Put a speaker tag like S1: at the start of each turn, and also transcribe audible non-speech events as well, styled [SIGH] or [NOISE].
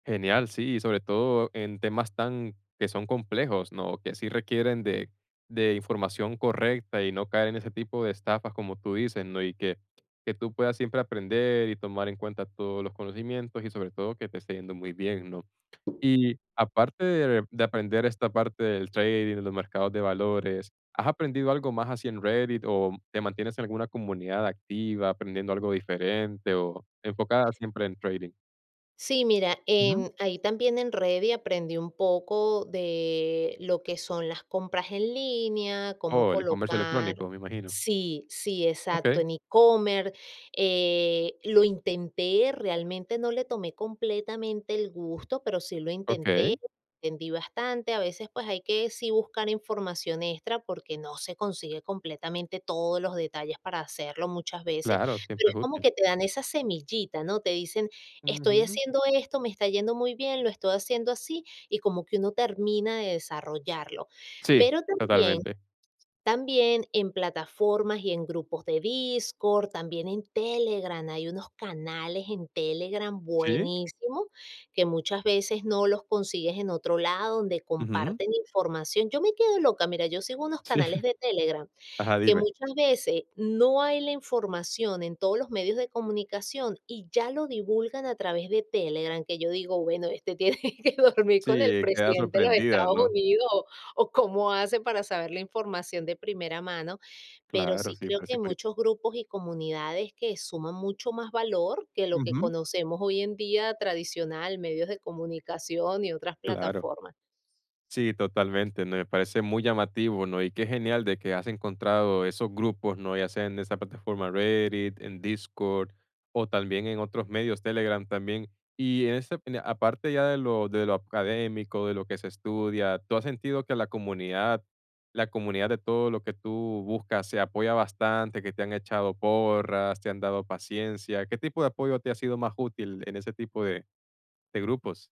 S1: Genial, sí, sobre todo en temas tan que son complejos, ¿no? Que sí requieren de de información correcta y no caer en ese tipo de estafas, como tú dices, ¿no? Y que que tú puedas siempre aprender y tomar en cuenta todos los conocimientos y, sobre todo, que te esté yendo muy bien, ¿no? Y aparte de de aprender esta parte del trading, los mercados de valores. ¿Has aprendido algo más así en Reddit o te mantienes en alguna comunidad activa aprendiendo algo diferente o enfocada siempre en trading?
S2: Sí, mira,
S1: Ujú.
S2: em, ahí también en Reddit aprendí un poco de lo que son las compras en línea, cómo
S1: Oh, el comercio
S2: colocar
S1: electrónico, me imagino.
S2: sí, sí, exacto,
S1: Okey.
S2: en e-commerce, eh, lo intenté, realmente no le tomé completamente el gusto, pero sí lo intenté,
S1: Okey.
S2: entendí bastante, a veces, pues hay que, sí buscar información extra porque no se consigue completamente todos los detalles para hacerlo muchas veces,
S1: Claro,
S2: pero
S1: siempre
S2: es
S1: es
S2: como
S1: útil.
S2: que te dan esa semillita, ¿no? Te dicen, estoy
S1: Ujú.
S2: haciendo esto, me está yendo muy bien, lo estoy haciendo así, y como que uno termina de desarrollarlo.
S1: Sí,
S2: Pero también
S1: totalmente.
S2: también en plataformas y en grupos de Discord, también en Telegram, hay unos canales en Telegram
S1: ¿Sí?
S2: buenísimos, que muchas veces no los consigues en otro lado, donde
S1: Ujú.
S2: comparten información. Yo me quedo loca, mira, yo sigo unos
S1: Sí.
S2: canales
S1: [CHUCKLES]
S2: de Telegram
S1: Ajá,
S2: que
S1: dime.
S2: muchas veces no hay la información en todos los medios de comunicación, y ya lo divulgan a través de Telegram, que yo digo: "Bueno, este tiene que dormir con el
S1: Sí, queda
S2: presidente de los
S1: sorprendida,
S2: Estados
S1: ¿no?
S2: Unidos", o cómo hacen para saber la información de primera mano. Pero
S1: Claro,
S2: sí,
S1: sí,
S2: creo
S1: parece
S2: que
S1: curi
S2: muchos grupos y comunidades que suman mucho más valor que lo que
S1: Ujú.
S2: conocemos hoy en día, tradicional, medios de comunicación y otras
S1: Claro.
S2: plataformas.
S1: Sí, totalmente, me parece muy llamativo, ¿no? Y qué genial de que has encontrado esos grupos, ¿no? Ya sea en esa plataforma Reddit, en Discord o también en otros medios, Telegram también. Y ese de aparte ya de lo de lo académico, de lo que se estudia, ¿tú has sentido que la comunidad la comunidad de todo lo que tú buscas, se apoya bastante, que te han echado porras, te han dado paciencia? ¿Qué tipo de apoyo te ha sido más útil en ese tipo de de grupos?